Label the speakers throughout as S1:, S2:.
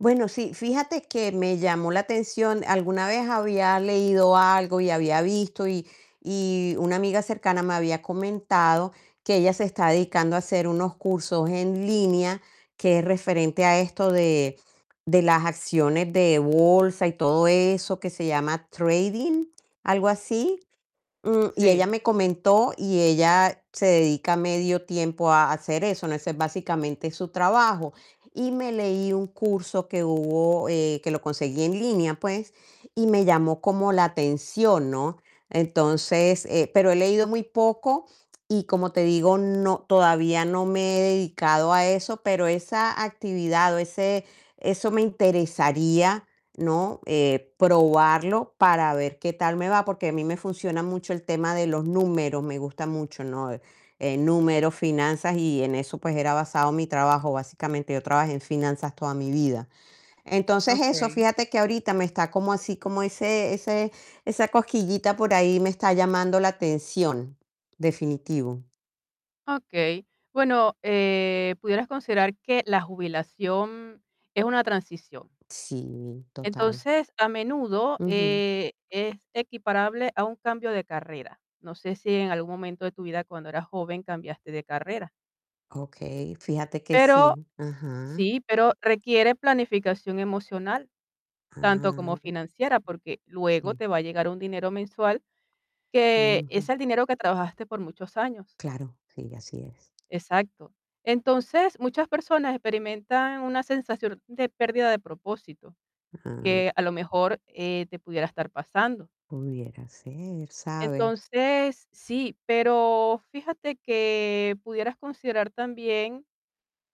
S1: Bueno, sí, fíjate que me llamó la atención. Alguna vez había leído algo y había visto y y una amiga cercana me había comentado que ella se está dedicando a hacer unos cursos en línea, que es referente a esto de de las acciones de bolsa y todo eso que se llama trading, algo así. Mm, y ella
S2: Sí.
S1: me comentó y ella se dedica medio tiempo a hacer eso, ¿no? Ese es básicamente su trabajo. Y me leí un curso que hubo, eh, que lo conseguí en línea, pues, y me llamó como la atención, ¿no? Entonces, eh, pero he leído muy poco y como te digo, no todavía no me he dedicado a eso, pero esa actividad o ese eso me interesaría, ¿no? Eh, probarlo para ver qué tal me va, porque a mí me funciona mucho el tema de los números, me gusta mucho, ¿no? Eh, números, finanzas y en eso, pues, era basado mi trabajo. Básicamente, yo trabajé en finanzas toda mi vida. Entonces, eso,
S2: Okey.
S1: fíjate que ahorita me está como así como ese ese esa cosquillita por ahí me está llamando la atención, definitivo.
S2: Okey, bueno, eh, pudieras considerar que la jubilación es una transición.
S1: Sí, total.
S2: Entonces, a menudo,
S1: Ujú.
S2: eh, es equiparable a un cambio de carrera. No sé si en algún momento de tu vida cuando eras joven cambiaste de carrera.
S1: Okey, fíjate que
S2: Pero
S1: sí. Ajá.
S2: sí, pero requiere planificación emocional tanto como
S1: Ah.
S2: financiera, porque luego te
S1: Sí.
S2: va a llegar un dinero mensual que es
S1: Ujú.
S2: el dinero que trabajaste por muchos años.
S1: Claro, sí, así es.
S2: Exacto. Entonces, muchas personas experimentan una sensación de pérdida de propósito,
S1: Ah.
S2: que a lo mejor, eh, te pudiera estar pasando.
S1: Pudiera ser, ¿sabes?
S2: Entonces, sí, pero fíjate que pudieras considerar también,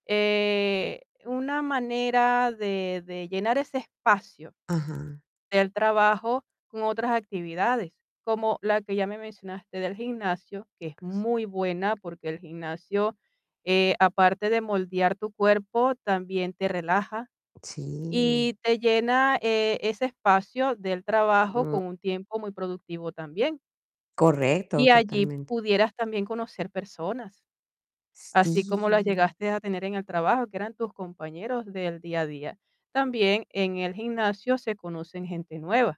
S2: eh, una manera de de llenar ese espacio
S1: Ajá.
S2: del trabajo con otras actividades, como la que ya me mencionaste del gimnasio, que es muy buena, porque el gimnasio, eh, aparte de moldear tu cuerpo, también te relaja
S1: Sí.
S2: y te llena, eh, ese espacio del trabajo
S1: Mm.
S2: con un tiempo muy productivo también. Y
S1: Correcto,
S2: allí
S1: totalmente.
S2: pudieras también conocer personas Así como las
S1: Sí.
S2: llegaste a tener en el trabajo, que eran tus compañeros del día a día. También en el gimnasio se conocen gente nueva.